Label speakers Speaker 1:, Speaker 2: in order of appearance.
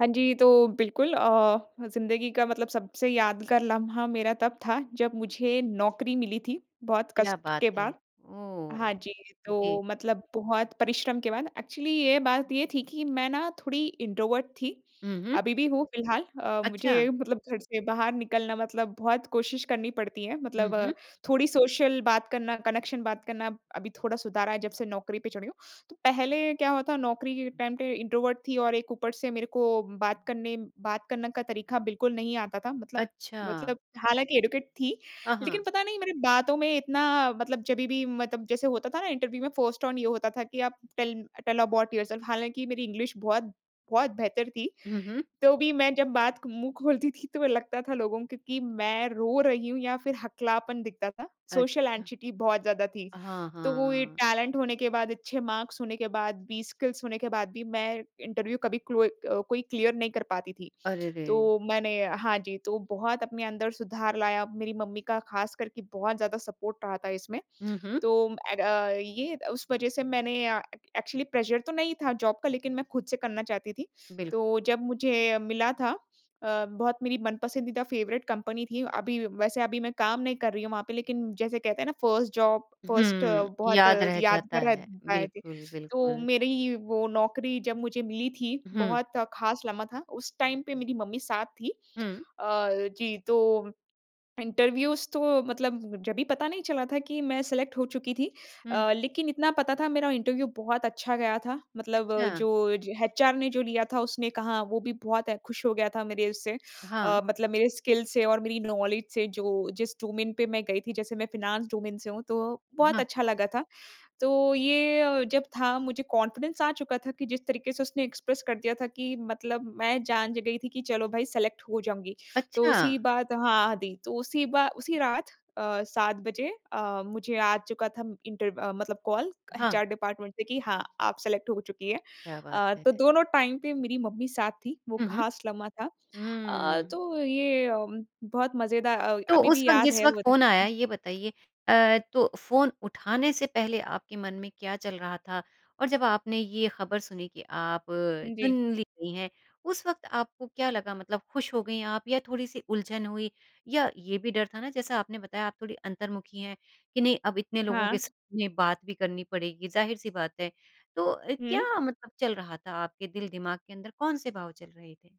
Speaker 1: हाँ जी, तो बिल्कुल अ, ज़िंदगी का मतलब सबसे यादगार लम्हा मेरा तब था, जब मुझे नौकरी मिली थी बहुत
Speaker 2: क्या
Speaker 1: कष्ट
Speaker 2: बात
Speaker 1: के
Speaker 2: है।
Speaker 1: बाद। हाँ
Speaker 2: ओह!
Speaker 1: जी,
Speaker 2: जी।
Speaker 1: तो मतलब बहुत परिश्रम के बाद, एक्चुअली ये बात ये थी कि मैं ना थोड़ी इंट्रोवर्ट थी,
Speaker 2: हुँ, हुँ।
Speaker 1: अभी भी हूँ फिलहाल अ,
Speaker 2: अच्छा।
Speaker 1: मुझे मतलब घर से बाहर निकलना मतलब बहुत कोशिश करनी पड़ती है,
Speaker 2: हुँ,
Speaker 1: मतलब अ,
Speaker 2: हुँ।
Speaker 1: थोड़ी सोशल बात करना, कनेक्शन बात करना ब अभी थोड़ा सुधार रहा है जब से नौकरी पे चढ़ी हूँ। तो पहले क्या हुआ था नौकरी के टाइम पे इंट्रोवर्ट थी और एक ऊपर से मेरे को बात करने बात करने का तरीका बिल्कुल नहीं आता था। मतलब
Speaker 2: अच्छा।
Speaker 1: मतलब हालाँकि एजुकेट थी
Speaker 2: हाँ,
Speaker 1: लेकिन
Speaker 2: हाँ।
Speaker 1: पता नहीं मेरे बातों में इतना मतलब जभी भी मतलब जैसे होता था ना इंटरव्यू में फर्स्ट ऑन यू होता था, कि आप टेल टेल अबाउट योरसेल्फ, हालाँकि मेरी इंग्लिश बहुत बहुत बेहतर थी।
Speaker 2: हुँ, हुँ।
Speaker 1: तो भी मैं जब बात क मुँह खोलती थी, तो लगता था लोगों को कि मैं रो रही हूँ या फिर हकलापन दिखता था, सोशल
Speaker 2: अच्छा।
Speaker 1: एंग्जायटी बहुत ज़्यादा थी।
Speaker 2: हाँ,
Speaker 1: तो
Speaker 2: हाँ,
Speaker 1: वो ये
Speaker 2: हाँ।
Speaker 1: टैलेंट होने के बाद, अच्छे मार्क्स होने के बाद भी, स्किल्स होने के बाद भी मैं इंटरव्यू कभी कलोई अ, कोई क्लियर नहीं कर पाती थी।
Speaker 2: अरे रे!
Speaker 1: तो मैंने हाँ जी, तो बहुत अपने अंदर सुधार लाया, मेरी मम्मी का ख़ास करके बहुत ज़्यादा सपोर्ट रहा था इसमें,
Speaker 2: हुँ, हुँ।
Speaker 1: तो एण्ड अ, ये उस वजह से मैंने अ, ए एक्चुअली प्रेशर तो नहीं था जॉब का लेकिन मैं ख़ुद से करना चाहती थी।
Speaker 2: बिल्क
Speaker 1: तो जब मुझे मिला था अ, बहुत मेरी मनपसंदीदा फेवरेट कंपनी थी, अभी वैसे अभी मैं काम नहीं कर रही हूँ वहाँ पे। लेकिन जैसे कहते हैं ना 1st जॉब, फर्स्ट
Speaker 2: हुँ।
Speaker 1: बहुत
Speaker 2: याद रह जाता
Speaker 1: यादगार
Speaker 2: है,
Speaker 1: रहत आये थे।
Speaker 2: बिल्कुल,
Speaker 1: तो
Speaker 2: बिल्कुल।
Speaker 1: मेरी वो नौकरी जब मुझे मिली थी
Speaker 2: हुँ।
Speaker 1: बहुत ख़ास लम्हा था, उस टाइम पे मेरी मम्मी साथ थी।
Speaker 2: हुँ।
Speaker 1: अ, जी तो इंटरव्यूज़ तो मतलब जभी पता नहीं चला था कि मैं सेलेक्ट हो चुकी थी
Speaker 2: हुँ।
Speaker 1: अ, लेकिन इतना पता था मेरा इंटरव्यू बहुत अच्छा गया था। मतलब
Speaker 2: अच्छा।
Speaker 1: जो ज एचआर ने जो लिया था उसने कहा वो भी बहुत खुश हो गया था मेरे उससे
Speaker 2: हाँ।
Speaker 1: अ, मतलब मेरे स्किल्स से और मेरी नॉलेज से जो जिस डोमेन पे मैं गई थी, जैसे मैं फाइनेंस डोमेन से हूँ, तो बहुत
Speaker 2: हाँ।
Speaker 1: अच्छा लगा था। तो ये अ, जब था मुझे कॉन्फिडेंस आ चुका था कि जिस तरीके से उसने एक्सप्रेस कर दिया था कि मतलब मैं जान ज गई थी कि चलो भई सेलेक्ट हो जाऊँगी। तो
Speaker 2: अच्छा।
Speaker 1: उसी बात हाँ दी तो उसी बा उसी रात अ, 7 बजे अ, मुझे आ चुका था म इंटर मतलब कॉल,
Speaker 2: हाँ।
Speaker 1: एचआर डिपार्टमेंट से कि हाँ, आप सेलेक्ट हो चुकी हैं।
Speaker 2: क्या बात
Speaker 1: अ,
Speaker 2: है!
Speaker 1: तो दोनों टाइम पे मेरी मम्मी साथ थी, वो
Speaker 2: हुँ, हुँ।
Speaker 1: ख़ास लम्हा था अ,
Speaker 2: हुँ।
Speaker 1: तो ये अ, बहुत मज़ेदा अ,
Speaker 2: तो
Speaker 1: अभी भी
Speaker 2: उस वक़्त
Speaker 1: याद
Speaker 2: जिस
Speaker 1: है
Speaker 2: वक़्त
Speaker 1: वो
Speaker 2: फ़ोन आया,
Speaker 1: दिन।
Speaker 2: ये बताइए? अ, तो फ़ोन उठाने से पहले आपके मन में क्या चल रहा था? और जब आपने ये ख़बर सुनी कि आप
Speaker 1: उम,
Speaker 2: चुन
Speaker 1: जी।
Speaker 2: ली गई हैं, उस वक़्त आपको क्या लगा मतलब खुश हो गई आप या थोड़ी-सी उलझन हुई। या ये भी डर था ना जैसा आपने बताया आप थोड़ी अंतर्मुखी हैं, कि नहीं अब इतने लोगों के
Speaker 1: हाँ।
Speaker 2: साथ में बात भी करनी पड़ेगी, ज़ाहिर-सी बात है। तो अ,
Speaker 1: हुँ।
Speaker 2: क्या मतलब चल रहा था आपके दिल-दिमाग के अंदर कौन-से भाव चल रहे थे?